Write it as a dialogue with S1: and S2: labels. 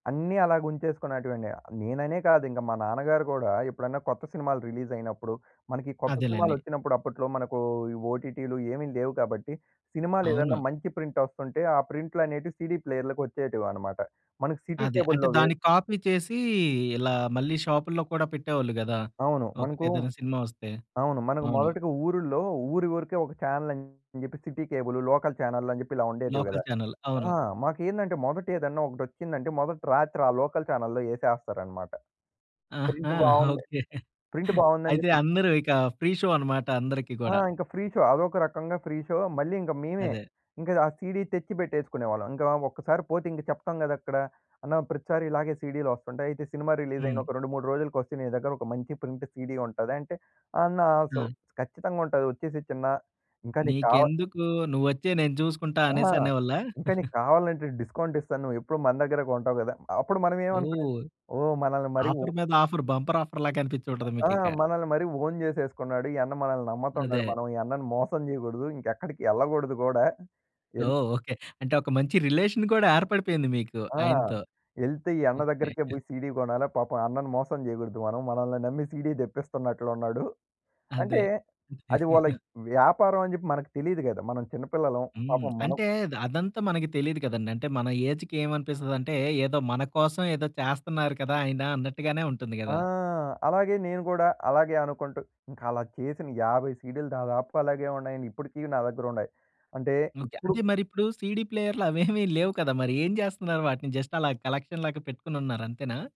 S1: అన్నీ అలాగుంచేసుకునేటివండి. నేననే కాదు, ఇంకా మా నాన్నగారు కూడా ఎప్పుడన్నా కొత్త సినిమాలు రిలీజయినప్పుడు, మనకి ఈ కొత్త
S2: అదేలెండి.
S1: సినిమాలచ్చినప్పుడు అప్పట్లో మనకు ఈ ఓటీటీలు ఏమి లేవు కాబట్టి, సినిమాలేదన్నా
S2: అవును.
S1: మంచి ప్రింటొస్తంటే, ఆ ప్రింట్లనేటియి సీడీ ప్లేయర్లకొచ్చేటివనమాట. మనకు సిటీ
S2: అదే. అంటే,
S1: కేబుల్‌లో వే
S2: దాన్ని కాపీ చేసీ ఇలా మళ్ళీ షాప్‌ల్లో కూడా పెట్టేవాళ్ళు గదా,
S1: అవును. మనకు
S2: ఒకటేదైనా సినిమా ఒస్తే.
S1: అవును. మనకు
S2: అవును.
S1: మొదటిగా ఊరుల్లో ఊరి వరకే ఒక ఛానెల్ అని జెప్పి సిటీ కేబులు, లోకల్ చానెల్లని చెప్పి ఇలా ఉండేటివి
S2: లోకల్
S1: గదా!
S2: ఛానెల్ అవును.
S1: ఆ! మాకేందంటే, మొదటేదన్నా ఒకటొచ్చిందంటే, మొదటి రాత్రి ఆ లోకల్ ఛానెల్‌లో యేసేస్తారనమాట.
S2: ఆహా!
S1: ప్రింట్ బావుంది
S2: ఓకే.
S1: ప్రింట్ బావుందని
S2: అయితే,
S1: జెప్పి
S2: అందరూ ఇక ఫ్రీ షో అనమాట, అందరికి
S1: ఆ!
S2: కూడా.
S1: ఇంక ఫ్రీ షో. అదొక రకంగా ఫ్రీ షో. మళ్ళీ ఇంక మేవే,
S2: అదే.
S1: ఇంక ఆ సీడీ తెచ్చిపెట్టేసుకునేవాళ్ళం. ఇంకా ఒక్కసారి పోతే, ఇంక చెప్తాం గదక్కడ. "అన్న! ప్రతిసారి ఇలాగే సీడీ‌లొస్తంటాయి. అయితే, సినిమా
S2: హ్మ్.
S1: రిలీజయిన ఒక 2, 3 రోజులకొస్తే నీ దగ్గర ఒక మంచి ప్రింట్ సీడీ ఉంటదా? అంటే, అన్నా సో"
S2: ఆ!
S1: "ఖచ్చితంగుంటది. ఒచ్చేసేయ్ చిన్న! ఇంకా నీకు కావా"
S2: "నీకెందుకు? నువ్వొచ్చేయి! నేను చూసుకుంటా"
S1: ఆహా!
S2: అనేసి అనేవాళ్ళా?
S1: ఇంకా నీకు కావాలంటే డిస్కౌంటిస్తాను. నువ్వెప్పుడు మన దగ్గర కొంటావు కదా! అప్పుడు మనవేమనుకునేది,
S2: ఓహ్!
S1: "ఓహ్! మనలని మరీ ఓ"
S2: ఆఫర్ మీద ఆఫర్ బంపర్ ఆఫర్‌లాగా కనిపిచ్చుంటది
S1: ఆ!
S2: మీకిక.
S1: మనలని మరీ ఓన్ చేసేసుకున్నాడు. ఈ అన్న మనలని నమ్మతన్నాడు.
S2: అదే.
S1: మనం ఈ అన్నని మోసం జెయగూడదు. ఇంకెక్కడికి యెళ్ళగూడదు గూడా. యెళ్
S2: ఓహ్! ఓకే. అంటే ఒక మంచి రిలేషన్ కూడా ఏర్పడిపోయింది మీకు
S1: ఆ!
S2: ఆయనతో.
S1: యెళ్తే ఈ అన్న
S2: ఓకే.
S1: దగ్గరికే బోయి సీడీ కొనాలా. పాపం అన్నను మోసం జెయగూడదు మనం. మనలని నమ్మి సీడీ తెప్పిస్తన్నట్లున్నాడు. అంటే,
S2: అదే.
S1: అది వాళ్ళకి వ్యాపారవని జెప్పి మనకి తెలీదు గదా! మనం చిన్నపిల్లలం.
S2: హ్మ్.
S1: పాపం మనం
S2: అంటే, ద అదంత మనకి తెలీదు కదండి! అంటే, మన ఏజ్‌కి ఏవనిపిస్తదంటే, ఏదో మన కోసం ఏదో చేస్తన్నారు కదా ఆయనా అన్నట్టుగానే ఉంటుంది
S1: ఆ!
S2: గదా!
S1: అలాగే నేను గూడా, అలాగే అనుకుంటూ, ఇంకలా చేసిన 50 సీడీలు దాదాపుగా అలాగే ఉన్నాయండి. ఇప్పుడికీ నా దగ్గరుండాయి. అంటే,
S2: ఓకే. అంటే,
S1: ఇప్పుడు
S2: మరిప్పుడూ సీడీ ప్లేయర్లు అవేమి లేవు కదా మరి, ఏం చేస్తన్నారు వాటిని? జస్టలాగ కలక్షన్‌లాగా పెట్టుకొనున్నారు, అంతేనా?